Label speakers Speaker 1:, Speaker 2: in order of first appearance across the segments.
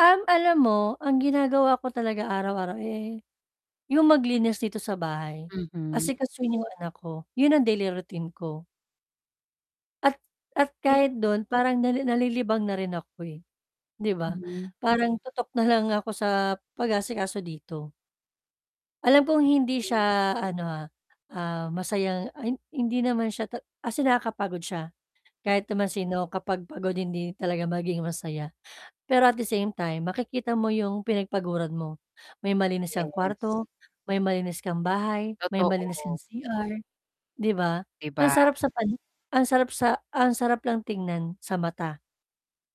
Speaker 1: Um, alam mo ang ginagawa ko talaga araw-araw eh, yung maglinis dito sa bahay,
Speaker 2: Mhm.
Speaker 1: asikasuhin yung anak ko, yun ang daily routine ko. At at
Speaker 2: Eh
Speaker 1: kahit dun parang nalili nalilibang na rin ako eh, 'di ba?
Speaker 2: Mhm.
Speaker 1: Parang tutok nalang ako sa pag-aasikaso dito. Alam kong hindi siya ano ha, ah, masayang an hindi naman siya tat as in nakakapagod siya. Kahit naman sino kapag pagod hindi talaga maging masaya, pero at the same time makikita mo yung pinagpaguran mo, may malinis kang
Speaker 2: Yes.
Speaker 1: kwarto, may malinis kang bahay, may malinis kang
Speaker 2: Totoo.
Speaker 1: CR 'di ba?
Speaker 2: 'Di
Speaker 1: Ang
Speaker 2: ba?
Speaker 1: sarap sa pan ang sarap sa ang sarap lang tingnan sa mata,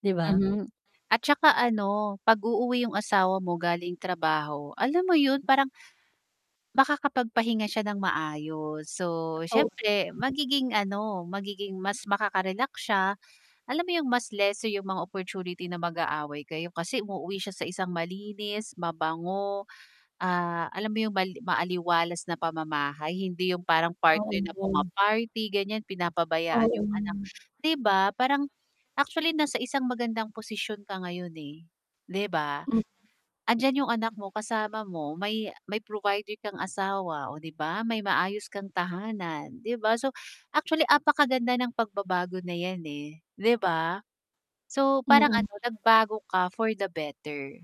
Speaker 1: 'di ba?
Speaker 2: Mhm, at saka ano pag-uuwi yung asawa mo galing trabaho, alam mo yun parang makakapagpahinga siya nang maayos. So,
Speaker 1: Totoo.
Speaker 2: siyempre magiging ano, magiging mas makaka-relax siya, alam mo yung mas lesser yung mga opportunity na mag-aaway kayo, kasi umuwi siya sa isang malinis, mabango, ah, alam mo yung mali maaliwalas na pamamahay hindi yung parang
Speaker 1: Oo
Speaker 2: partner na
Speaker 1: yun.
Speaker 2: puma-party ganyan, pinapabayaan yung anak,
Speaker 1: Oo.
Speaker 2: 'di ba? Parang, actually nasa isang magandang posisyon ka ngayon eh, 'di ba.
Speaker 1: M
Speaker 2: Andyan yung anak mo kasama mo may may provider kang asawa, oh 'di ba, may maayos kang tahanan, 'di ba? So, actually apakaganda ng pagbabago na yan eh 'di ba? So, parang
Speaker 1: Mm.
Speaker 2: ano nagbago ka for the better,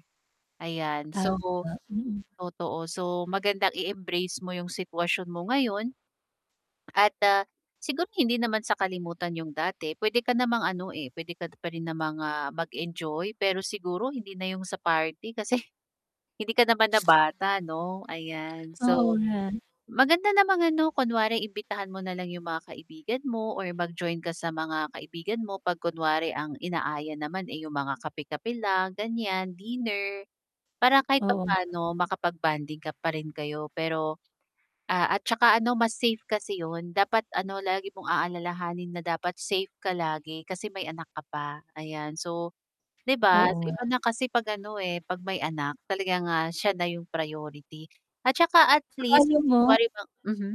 Speaker 2: ayan. So
Speaker 1: Tama, mm.
Speaker 2: totoo, so magandang i-embrace mo yung sitwasyon mo ngayon at, ah, siguro hindi naman sa kalimutan yung dati, pwede ka namang ano eh, pwede ka pa rin namang, ah, mag-enjoy pero siguro hindi na yung sa party, kasi hindi ka naman na bata 'no, ayan.
Speaker 1: Oo
Speaker 2: So,
Speaker 1: nga.
Speaker 2: maganda namang ano kunwari imbitahan mo nalang yung mga kaibigan mo or mag-join ka sa mga kaibigan mo 'pag kunwari ang inaaya naman eh yung mga kape-kape lang, ganyan, dinner. Para kahit
Speaker 1: Oo.
Speaker 2: papano makapag-bonding ka pa rin kayo pero ah, at saka ano mas safe kasi yun dapat ano lagi mong aalalahanin na dapat safe ka lagi, kasi may anak ka pa, ayan. So, 'di ba,
Speaker 1: Oo
Speaker 2: so
Speaker 1: nga.
Speaker 2: iba na kasi 'pag ano eh, 'pag may anak talagang, ah, siya na yung priority, at saka at
Speaker 1: Saka
Speaker 2: least
Speaker 1: alam
Speaker 2: 'pag
Speaker 1: mo
Speaker 2: kunwari ba mhm